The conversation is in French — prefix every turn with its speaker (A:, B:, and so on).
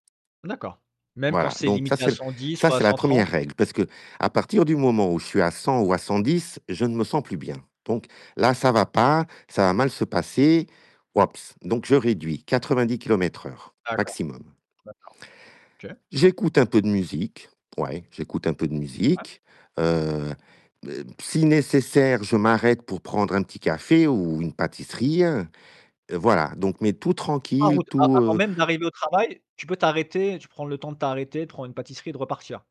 A: D'accord. Même quand
B: Voilà,
A: c'est
B: donc ça,
A: limité à
B: c'est le
A: 110
B: ça,
A: ou à
B: c'est la
A: cent
B: 1re
A: trente?
B: règle parce qu'à partir du moment où je suis à 100 ou à 110, je ne me sens plus bien. Donc là, ça va pas, ça va mal se passer, wouaps donc je réduis 90 kilomètres heure
A: D'accord,
B: maximum.
A: d'accord, OK.
B: J'écoute un peu de musique, ouais, j'écoute un peu de
A: Ouais.
B: musique. Heu, b heu, si nécessaire, je m'arrête pour prendre un petit café ou une pâtisserie, voilà, donc, mais tout
A: En
B: tranquille,
A: route, a
B: tout,
A: avant
B: heu
A: même d'arriver au travail, tu peux t'arrêter, tu prends le temps de t'arrêter, de prendre une pâtisserie et de repartir?